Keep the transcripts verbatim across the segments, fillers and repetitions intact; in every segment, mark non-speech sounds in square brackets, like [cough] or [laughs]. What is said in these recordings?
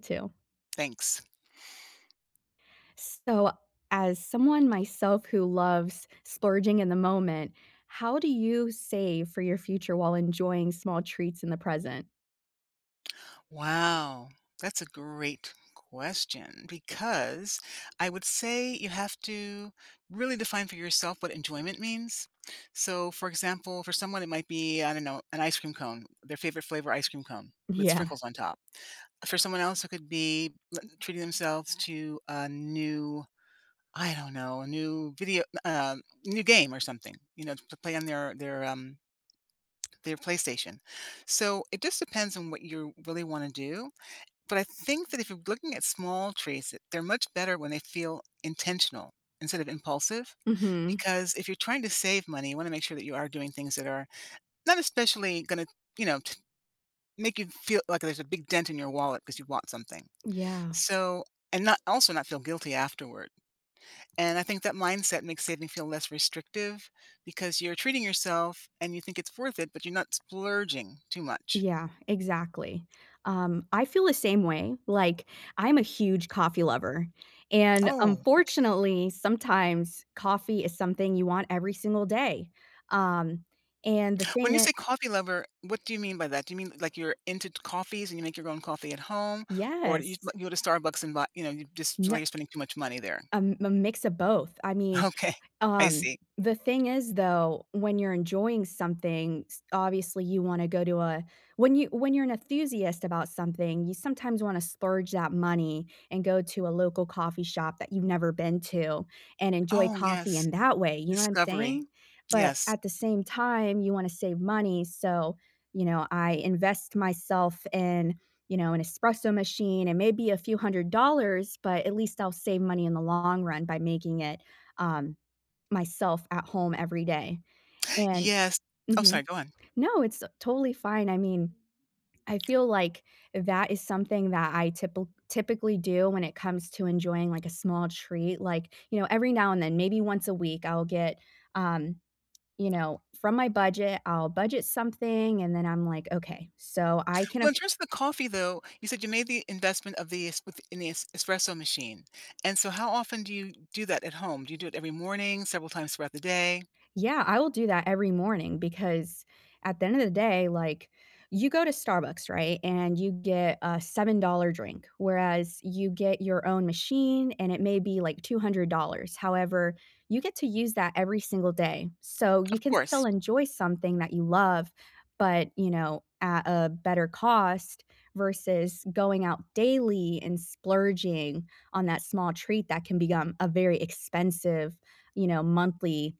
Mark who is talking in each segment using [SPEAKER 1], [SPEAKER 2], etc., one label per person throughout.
[SPEAKER 1] too.
[SPEAKER 2] Thanks.
[SPEAKER 1] So, as someone myself who loves splurging in the moment, how do you save for your future while enjoying small treats in the present?
[SPEAKER 2] Wow! That's a great question because I would say you have to really define for yourself what enjoyment means. So, for example, for someone, it might be, I don't know, an ice cream cone- their favorite flavor ice cream cone- with
[SPEAKER 1] Yeah.
[SPEAKER 2] sprinkles on top. For someone else, it could be li treating themselves to a new I don't know, a new video uh, um, new game or something, you know, t to play on their their, um [tsk] their PlayStation. So, it just depends on what you really wanna do, but I think that if you're looking at small treats, they're much better when they feel intentional instead of impulsive,
[SPEAKER 1] Mhm.
[SPEAKER 2] because if you're trying to save money, you wanna make sure that you are doing things that are not especially gonna, you know, t make you feel like there's a big dent in your wallet ‘cause you want something,
[SPEAKER 1] Yeah.
[SPEAKER 2] so and not also not feel guilty afterward, and I think that mindset makes saving feel less restrictive because you're treating yourself and you think it's worth it, but you're not splurging too much.
[SPEAKER 1] Yeah. Exactly. Um, I feel the same way. Like, I'm a huge coffee lover, and,
[SPEAKER 2] Oh, okay.
[SPEAKER 1] unfortunately, sometimes coffee is something you want every single day, um, and the
[SPEAKER 2] When
[SPEAKER 1] thing
[SPEAKER 2] you
[SPEAKER 1] it
[SPEAKER 2] say coffee lover, what do you mean by that? Do you mean, like, you're into into coffees and you make your own coffee at home, or you s uh,
[SPEAKER 1] Yes.
[SPEAKER 2] you go to Starbucks and buy you know, you just it's like
[SPEAKER 1] Yeah
[SPEAKER 2] you're spending too much money there?
[SPEAKER 1] Um, m mix of both. I mean,
[SPEAKER 2] Okay. I
[SPEAKER 1] um,
[SPEAKER 2] see.
[SPEAKER 1] the thing is, though, when you're enjoying something, s obviously, you wanna go do, uh when you when you're an ethusiast about something, you sometimes wanna splurge that money and go to a local coffee shop that you've never been to and enjoy
[SPEAKER 2] Oh,
[SPEAKER 1] coffee
[SPEAKER 2] yes.
[SPEAKER 1] in that way. You know what I'm
[SPEAKER 2] Discovery.
[SPEAKER 1] saying? But
[SPEAKER 2] Yes.
[SPEAKER 1] at the same time, you wanna save money, so, you know, I invest myself in, you know, an espresso machine and maybe a few hundred dollars but at least I'll save money in the long run by making it, um, myself at home every day, and
[SPEAKER 2] Yes Oh,
[SPEAKER 1] Mhm.
[SPEAKER 2] sorry. Go on.
[SPEAKER 1] No, it's, uh, totally fine. I mean, I feel like that is something that I typil typically do when it comes to enjoying, like, a small treat. Like, you know, every now and then, maybe once a week, I'll get, um, you know, from my budget, I'll budget something, and then I'm like, "Okay, so I can
[SPEAKER 2] Well,
[SPEAKER 1] aff"
[SPEAKER 2] just the coffee, though, you said you made the investment of the es with in the es espresso machine, and so how often do you do that at home? Do you do it every morning, several times throughout the day?
[SPEAKER 1] Yeah, I will do that every morning because at the end of the day, like, you go to Starbucks, right, and you get a seven-dollar drink, whereas you get your own machine, and it may be, like, two hundred dollars. However, you get to use that every single day. So, you
[SPEAKER 2] Of
[SPEAKER 1] can still
[SPEAKER 2] course.
[SPEAKER 1] enjoy something that you love, but, you know, at a better cost versus going out daily and splurging on that small treat that can begome a very expensive, you know, monthly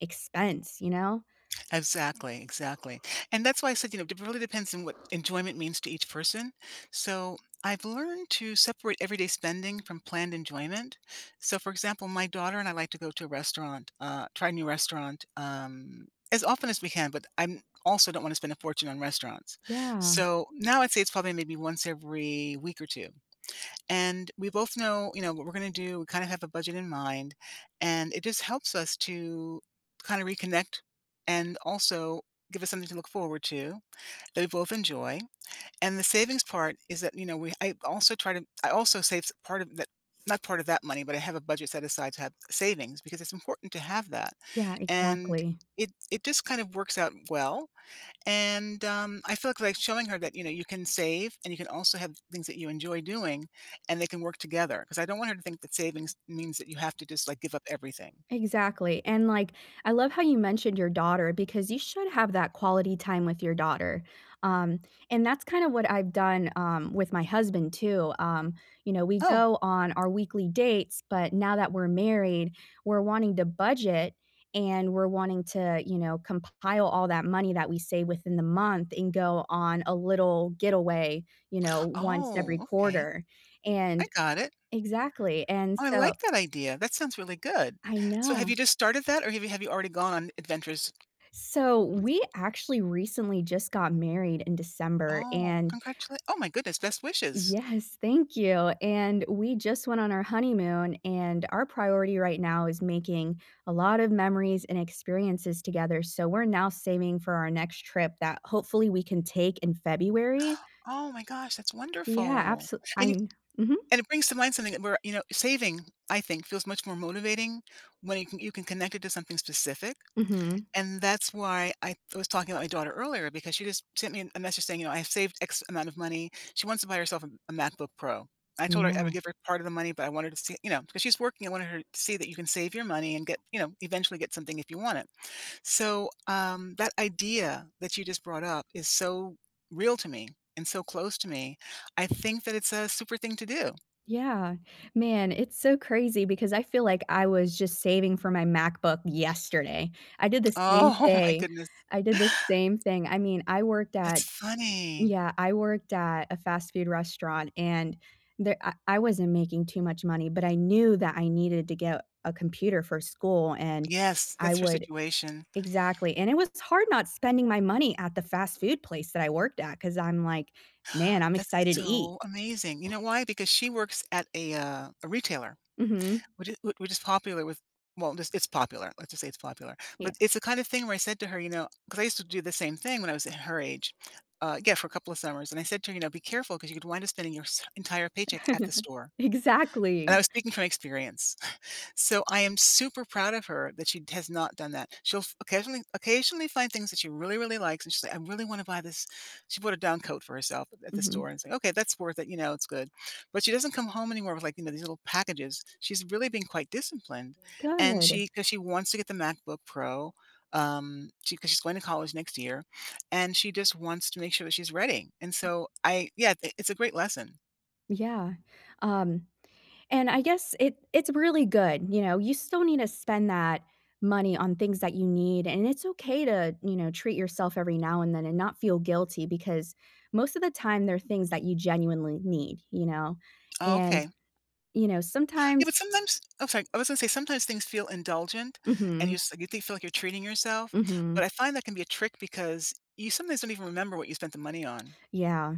[SPEAKER 1] expense, you know?
[SPEAKER 2] Exactly, exactly. And that's why I said, you know, it probably depends on what enjoyment means to each person. So, I've learned to separate everyday spending from planned enjoyment. So, for example, my daughter and I like to go to a restaurant uh, try a new restaurant, um, as often as we can, but I'm also don't wanna spend a fortune on restaurants.
[SPEAKER 1] Yeah.
[SPEAKER 2] So, now I'd say it's probably maybe once every week or two, and we both know, you know, what we're gonna do, we kinda have a budget in mind, and it just helps us to kinda reconnect and also give us something to look forward to that we both enjoy. And the savings part is that, you know, we I also try to I also saves part of that not part of that money, but I have a budget set aside to have savings because it's important to have that,
[SPEAKER 1] Yeah.
[SPEAKER 2] and
[SPEAKER 1] Exactly.
[SPEAKER 2] it it just kind of works out well, and, um, I feel like showing her that, you know, you can save and you can also have things that you enjoy doing, and they can work together ‘cause I don't want her to think that savings means that you have to just, like, give up everything.
[SPEAKER 1] Exactly. And, like, I love how you mentioned your daughter because you should have that quality time with your daughter, um, and that's kind of what I've done, um, with my husband, too. Um, you know, we
[SPEAKER 2] Oh.
[SPEAKER 1] go on our weekly dates, but now that we're married, we're wanting to budget and we're wanting to, you know, compile all that money that we save within the month and go on a little getaway, you know, once every
[SPEAKER 2] Oh, okay.
[SPEAKER 1] quarter,
[SPEAKER 2] I
[SPEAKER 1] and
[SPEAKER 2] got it.
[SPEAKER 1] Exactly. And
[SPEAKER 2] Oh, I
[SPEAKER 1] so
[SPEAKER 2] like that idea. That sounds really good.
[SPEAKER 1] I
[SPEAKER 2] So, have you
[SPEAKER 1] know.
[SPEAKER 2] just started that, or, really, have you already gone adventures?
[SPEAKER 1] So, we actually recently just got married in December,
[SPEAKER 2] Oh,
[SPEAKER 1] and
[SPEAKER 2] congratulate oh my goodness, best wishes.
[SPEAKER 1] yes, thank you. And we just went on our honeymoon, and our priority right now is making a lot of memories and experiences together, so we're now saving for our next trip that hopefully we can take in February.
[SPEAKER 2] [gasps] Oh my gosh, that's
[SPEAKER 1] Yeah,
[SPEAKER 2] wonderful.
[SPEAKER 1] abso
[SPEAKER 2] And you
[SPEAKER 1] Um, mhm.
[SPEAKER 2] and it brings to mind something th where, you know, saving, I think, feels much more motivating when you can you can connect it to something specific,
[SPEAKER 1] Mhm.
[SPEAKER 2] and that's why I was talking about my daughter earlier because she just sent me a message saying, you know, "I've saved X amount of money," she wants to buy herself a a MacBook Pro. I told her I would
[SPEAKER 1] Yeah.
[SPEAKER 2] give her part of the money, but I wanted to see, you know ‘cause she's working, I wanted her to see that you can save your money and get you know, eventually get something if you want it. So, um, that idea that you just brought up is so real to me and so close to me. I think that it's a super thing to do.
[SPEAKER 1] Yeah. Man, it's so crazy because I feel like I was just saving for my MacBook yesterday. I did the same
[SPEAKER 2] Oh, my
[SPEAKER 1] thing,
[SPEAKER 2] goodness.
[SPEAKER 1] I did the same thing. I mean, I worked
[SPEAKER 2] That's
[SPEAKER 1] at
[SPEAKER 2] funny.
[SPEAKER 1] yeah, I worked at a fast food restaurant, and there, I I wasn't making too much money, but I knew that I needed to get a computer for school, and
[SPEAKER 2] Yes,
[SPEAKER 1] I
[SPEAKER 2] that's your
[SPEAKER 1] would
[SPEAKER 2] situation.
[SPEAKER 1] Exactly. And it was hard not spending my money at the fast food place that I worked, 'cause I'm like, man, I'm
[SPEAKER 2] That's
[SPEAKER 1] excited to eat.
[SPEAKER 2] so amazing. You know why? Because she works at a, uh a retailer,
[SPEAKER 1] Mhm.
[SPEAKER 2] which i which is popular with, well, this it's popular, let's just say it's popular. But
[SPEAKER 1] Yeah.
[SPEAKER 2] it's the kind of thing where I said to her, you know ‘cause I used to do the same thing when I was at her age, uh, yeah, for a couple of summers. And I said to her, you know, "Be careful ‘cause you could wind up spending your sa entire paycheck at the
[SPEAKER 1] [chuckles]
[SPEAKER 2] store," and I
[SPEAKER 1] Exactly.
[SPEAKER 2] was speaking from experience. So, I am super proud of her that she has not done that. She'll f occasionally occasionally find things that she really, really likes, and she's like, “I really wanna buy this” She bought a down coat for herself at the store
[SPEAKER 1] Mhm.
[SPEAKER 2] and I said, "Okay, that's worth it. You know, it's good." But she doesn't come home anymore with, like, you know, these little packages. She's really been quite disciplined, and she
[SPEAKER 1] Good.
[SPEAKER 2] ‘cause she wants to get the MacBook Pro, um, she ‘cause she's going to college next year, and she just wants to make sure that she's ready, and so I yeah, it's a great lesson.
[SPEAKER 1] Yeah, um, and I guess it it's really good, you know, you still need to spend that money on things that you need, and it's okay to, you know, treat yourself every now and then and not feel guilty because most of the time, they're things that you genuinely need, you know,
[SPEAKER 2] Oh,
[SPEAKER 1] and,
[SPEAKER 2] okay.
[SPEAKER 1] you know,
[SPEAKER 2] Yeah,
[SPEAKER 1] sometimes
[SPEAKER 2] but sometimes Oh, sorry. I was gonna say sometimes things feel indulgent, and you
[SPEAKER 1] Mhm.
[SPEAKER 2] s you think feel like you're treating yourself. But
[SPEAKER 1] Mhm.
[SPEAKER 2] I find that can be a trick because you sometimes don't even remember what you spent the money on.
[SPEAKER 1] Yeah.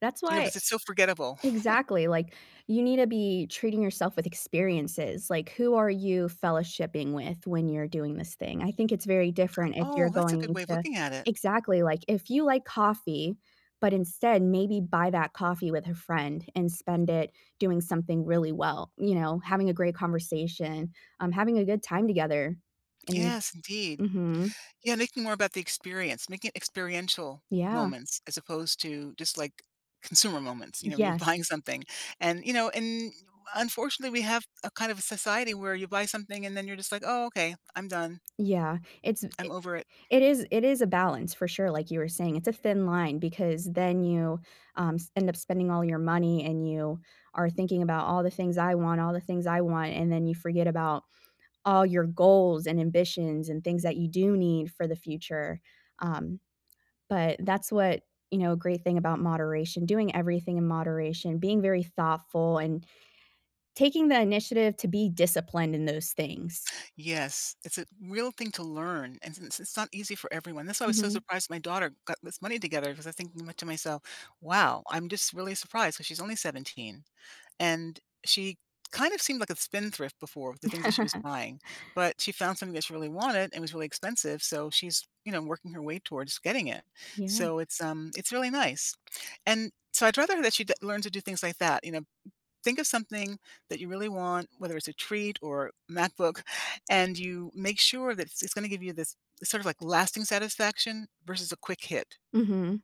[SPEAKER 1] That's
[SPEAKER 2] You know,
[SPEAKER 1] why
[SPEAKER 2] 'cause it's so forgettable. [chuckles]
[SPEAKER 1] Exactly. Like, you need to be treating yourself with experiences. Like, who are you fellowshipping with when you're doing this thing? I think it's very different if you're
[SPEAKER 2] Oh, that's a good
[SPEAKER 1] going
[SPEAKER 2] way of
[SPEAKER 1] to
[SPEAKER 2] looking at it.
[SPEAKER 1] Exactly. Like, if you like coffee, but instead, maybe buy that coffee with a friend and spend it doing something really well, you know, having a great conversation, um, having a good time together. And
[SPEAKER 2] Yes, indeed.
[SPEAKER 1] Mhm.
[SPEAKER 2] Yeah, making more about the experience. Make it experiential
[SPEAKER 1] Yeah.
[SPEAKER 2] moments as opposed to just, like, consumer moments, you know, when you're
[SPEAKER 1] Yes.
[SPEAKER 2] buying something. And, you know, and, unfortunately, we have a kind of a society where you buy something, and then you're just like, "Oh, okay. I'm done."
[SPEAKER 1] Yeah. It's i
[SPEAKER 2] I'm over it.
[SPEAKER 1] it is it is a balance for sure, like you were saying. It's a thin line because then you, um, s end up spending all your money and you are thinking about "all the things I want, all the things I want," and then you forget about all your goals and ambitions and things that you do need for the future, um, but that's what you know, a great thing about moderation doing everything in moderation, being very thoughtful, and taking the initiative to be disciplined in those things.
[SPEAKER 2] Yes. It's a real thing to learn, and since it's not easy for everyone. That's why I was so
[SPEAKER 1] Mhm.
[SPEAKER 2] surprised my daughter got this money together 'cause I was thinking my to myself, "Wow!" I'm just really surprised 'cause she's only seventeen, and, she kind of seemed like a spend thrift before- the things that she was
[SPEAKER 1] [laughs]
[SPEAKER 2] buying- but she found something that she really wanted and was really expensive. So she's, you know, working her way towards getting it.
[SPEAKER 1] Yeah.
[SPEAKER 2] So it's, um it's really nice, and so I'd rather that she'd that learn to do things like that. You know? Think of something that you really want, whether it's a treat or MacBook, and you make sure that it it's gonna give you this, sort of, like, lasting satisfaction versus a quick hit.
[SPEAKER 1] Mhm.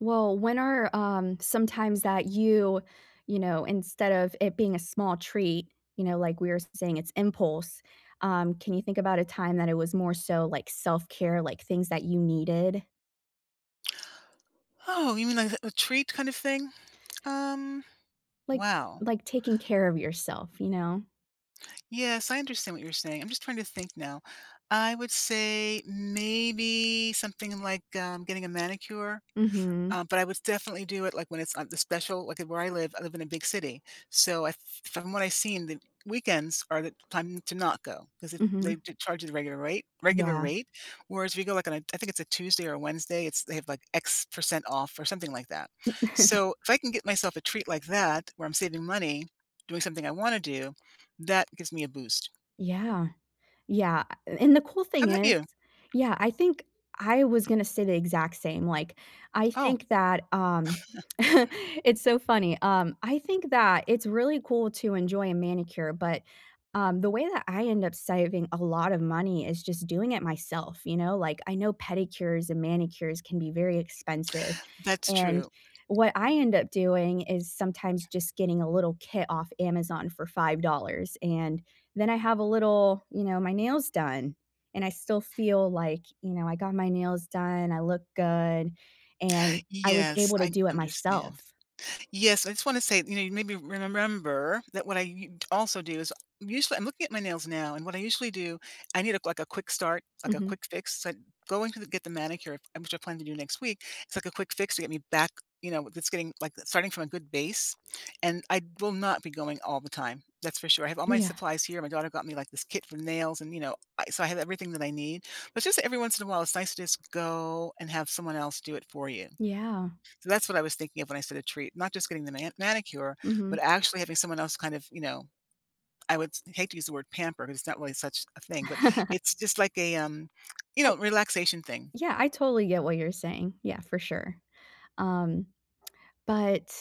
[SPEAKER 1] Well, when are, um, some times that you, you know, instead of it being a small treat you know, like we were s-saying it's impulse. Um, can you think about a time that it was more so, like, self-care, like, things that you needed?
[SPEAKER 2] Oh, you mean like a a treat kind of thing? Um,
[SPEAKER 1] Like
[SPEAKER 2] wow.
[SPEAKER 1] like, taking care of yourself, you know?
[SPEAKER 2] Yes, I understand what you're saying, I'm just trying to think now. I would say, mm, maybe something like, um, getting a manicure,
[SPEAKER 1] Mhm.
[SPEAKER 2] um, but I was definitely do it, like, when it's on the special, like, at where I live I live in a big city. So, I f from what I seen, the weekends are the time to not go, 'cause it they
[SPEAKER 1] Mhm.
[SPEAKER 2] j charge you the regular rate regular
[SPEAKER 1] Yeah.
[SPEAKER 2] rate, whereas, we go, like, on a I think it's a Tuesday or Wednesday, it's they have, like, x percent off or something like that.
[SPEAKER 1] [chuckles]
[SPEAKER 2] So, if I can get myself a treat like that, where I'm saving money, doing something I wanna do, that gives me a boost.
[SPEAKER 1] Yeah. Yeah, uh a and the cool
[SPEAKER 2] How
[SPEAKER 1] thing
[SPEAKER 2] 'bout
[SPEAKER 1] is
[SPEAKER 2] you?
[SPEAKER 1] yeah, I think I was gonna say the exact same, like, I
[SPEAKER 2] Oh.
[SPEAKER 1] think that, um [smacks lips]
[SPEAKER 2] [chuckles]
[SPEAKER 1] [chuckles] it's so funny, um, I think that it's really cool to enjoy a manicure, but, um, the way that I end up saving a lotta money is just doing it myself, you know, like, I know pedicures and manicures can be very expensive,
[SPEAKER 2] That's
[SPEAKER 1] and
[SPEAKER 2] true.
[SPEAKER 1] what I end up doing is sometimes just getting a little kit off Amazon for five dollars, and then I have a little you know, my nails done, and I still feel like, you know, "I got my nails done, I look good and I was
[SPEAKER 2] Yes,
[SPEAKER 1] able to
[SPEAKER 2] I
[SPEAKER 1] do it
[SPEAKER 2] understand.
[SPEAKER 1] myself."
[SPEAKER 2] Yes, I just wanna say, you know, you made me remember that when I u t also do is I usually I'm looking at my nails now, and what I usually do, I need a, like, a quick start, like, a
[SPEAKER 1] Mhm.
[SPEAKER 2] quick fix, so I going to get the manicure, in which I plan to do next week, it's like a quick fix to get me back, you know, that's getting, like, uh, starting from a good base. And I will not be going all the time, that's for sure. I have all my
[SPEAKER 1] Yeah.
[SPEAKER 2] supplies here, my daughter got me, like, this kit for nails and, you know, I so I have everything that I need. But just that every once in a while, it's nice to just go and have someone else do it for you.
[SPEAKER 1] Yeah.
[SPEAKER 2] So, that's what I was thinking of when I said "a treat," not just getting the man manicure, but
[SPEAKER 1] Mhm.
[SPEAKER 2] actually having someone else, kind of, you know, I would s hate to use the word "pamper" 'cause it's not really such a thing, but it's just
[SPEAKER 1] [laughs]
[SPEAKER 2] like a, um, you
[SPEAKER 1] I
[SPEAKER 2] know, relaxation thing.
[SPEAKER 1] Yeah, I totally get what you're saying. Yeah, for sure. Um, [smacks lips] but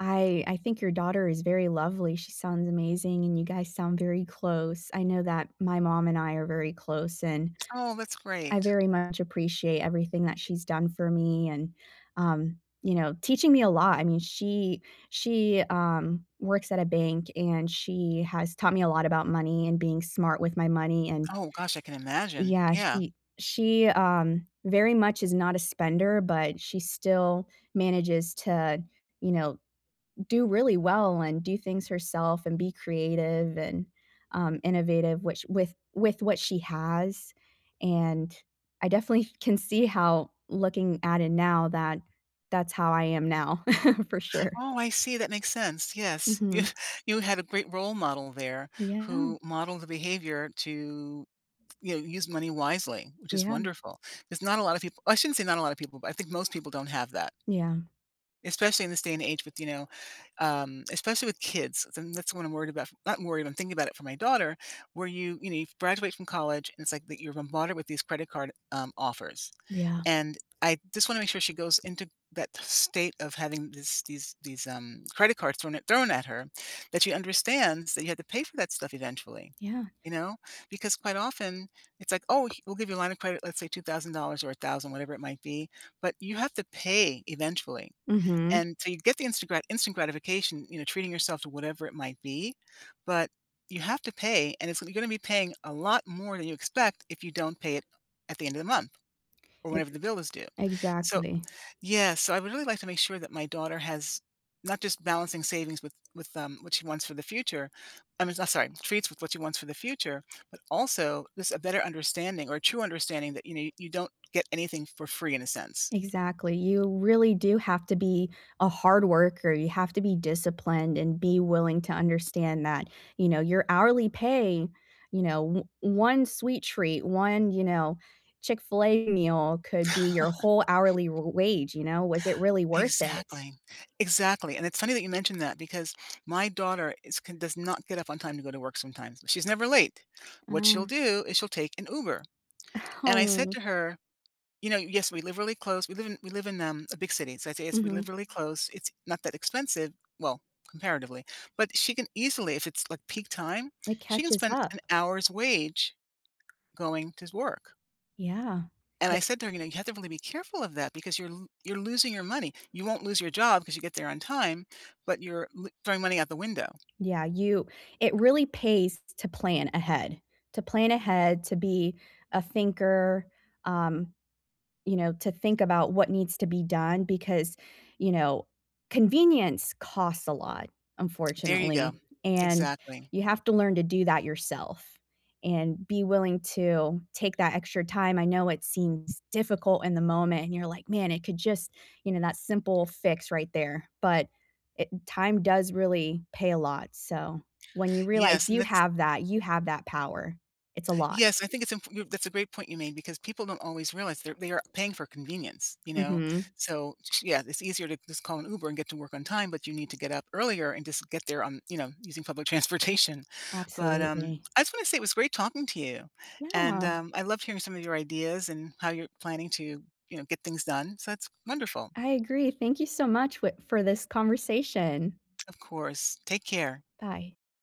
[SPEAKER 1] I I think your daughter is very lovely, she sounds amazing, and you guys sound very close. I know that my mom and I are very close, and
[SPEAKER 2] Oh, that's
[SPEAKER 1] I
[SPEAKER 2] great.
[SPEAKER 1] very much appreciate everything that she's done for me and, um, you know, teaching me a lot, I mean, she she, um, works at a bank, and she has taught me a lot about money and being smart with my money, and
[SPEAKER 2] Oh gosh, I can imagine.
[SPEAKER 1] Yeah,
[SPEAKER 2] Yeah.
[SPEAKER 1] she she, um, very much is not a spender, but she still manages to, you know, do really well and do things herself and be creative and, um, innovative, which with with what she has, and I definitely f can see how looking at it now that that's how I am now, [chuckles] for sure.
[SPEAKER 2] Oh, I see, that makes sense. Yes. Yeah.
[SPEAKER 1] Mhm.
[SPEAKER 2] You had a great role model there
[SPEAKER 1] Yeah.
[SPEAKER 2] who modeled the behavior to, you know, use money wisely, which is
[SPEAKER 1] Yeah.
[SPEAKER 2] wonderful. There's not a lotta people I shouldn't say not a lotta people, but I think most people don't have that.
[SPEAKER 1] Yeah.
[SPEAKER 2] Especially in this day and age with, you know, um, especially with kids, and that's what I'm worried about f I'm worried, I'm thinking about it for my daughter where you, you know, you graduate from college, and it's like that you're a mother with these credit card, um, offers.
[SPEAKER 1] Yeah.
[SPEAKER 2] And I just wanna make sure she goes into that state of having this these these, um, credit cards thrown at thrown at her, that she understands that you had to pay for that stuff eventually,
[SPEAKER 1] Yeah.
[SPEAKER 2] you know? Because quite often, it's like, oh, he we'll give you a line of credit, let's say, two thousand dollars or a thousand whatever it might be, but you have to pay eventually.
[SPEAKER 1] Mhm.
[SPEAKER 2] And so you get the instant grat instant gratification, you know, treating yourself to whatever it might be, but you have to pay, and it's lee you're gonna be paying a lot more than you expect if you don't pay it at the end of the month, or whenever
[SPEAKER 1] Ex
[SPEAKER 2] the bill is due. So
[SPEAKER 1] exactly.
[SPEAKER 2] yeah, so I would really like to make sure that my daughter has, not just balancing savings with with, um, what she wants for the future I mean, s sorry, treats with what she wants for the future, but also just a better understanding or true understanding that, you know, you don't get anything for free, in a sense.
[SPEAKER 1] Exactly. You really do have to be a hard worker, you have to be disciplined and be willing to understand that, you know, your hourly pay, you know, o one sweet treat, one, you know, Chick-fil-A meal could be your whole
[SPEAKER 2] [chuckles]
[SPEAKER 1] hourly r wage, you know? Was it really worth it?
[SPEAKER 2] Exactly. Exactly, and it's funny that you mentioned that because my daughter is can does not get up on time to go to work sometimes. She's never late.
[SPEAKER 1] I
[SPEAKER 2] What she'll
[SPEAKER 1] know.
[SPEAKER 2] do is she'll take an Uber.
[SPEAKER 1] [chuckles]
[SPEAKER 2] And I said
[SPEAKER 1] Oh.
[SPEAKER 2] to her, you know yes, we live really close, we live in we live in, um, a big city, so, I'd say it's we live
[SPEAKER 1] Mhm.
[SPEAKER 2] really close, it's not that expensive- well, comparatively. But she can easily if it's, like, peak time,
[SPEAKER 1] It
[SPEAKER 2] she can
[SPEAKER 1] catches
[SPEAKER 2] spend
[SPEAKER 1] up.
[SPEAKER 2] an hour's wage going to s work.
[SPEAKER 1] Yeah.
[SPEAKER 2] And I
[SPEAKER 1] It
[SPEAKER 2] said to her, "You know, you have to really be careful of that because you're lo you're losing your money. You won't lose your job, 'cause you get there on time, but you're lo throwing money out the window."
[SPEAKER 1] Yeah, you it really pays t t to plan ahead. To plan ahead, to be a thinker, um, you know, to think about what needs to be done because, you know, convenience costs a lot,
[SPEAKER 2] There you go.
[SPEAKER 1] unfortunately, and
[SPEAKER 2] Exactly.
[SPEAKER 1] you have to learn to do that yourself and be willing to take that extra time, I know it seems difficult in the moment, and you're like, "Man, it could just" you know, that simple fix right there, but it time does really pay a lot, so, when you realize
[SPEAKER 2] Yes, and
[SPEAKER 1] you
[SPEAKER 2] that's
[SPEAKER 1] have that you have that power, it's a lot.
[SPEAKER 2] Yes. I think it's imp you that's a great point you made, because people don't always realize they're they are paying for convenience, you know?
[SPEAKER 1] Mhm.
[SPEAKER 2] So, ch yeah, it's easier to just call an Uber and get to work on time, but you need to get up earlier and just get there on, you know, using public transportation. But, um,
[SPEAKER 1] Absolutely.
[SPEAKER 2] I just wanna say it was great talking to you, and,
[SPEAKER 1] Yeah.
[SPEAKER 2] um, I loved hearing some of your ideas and how you're planning to, you know, get things done, so, that's wonderful.
[SPEAKER 1] I agree, thank you so much wit for this conversation.
[SPEAKER 2] Of course. Take care.
[SPEAKER 1] Bye.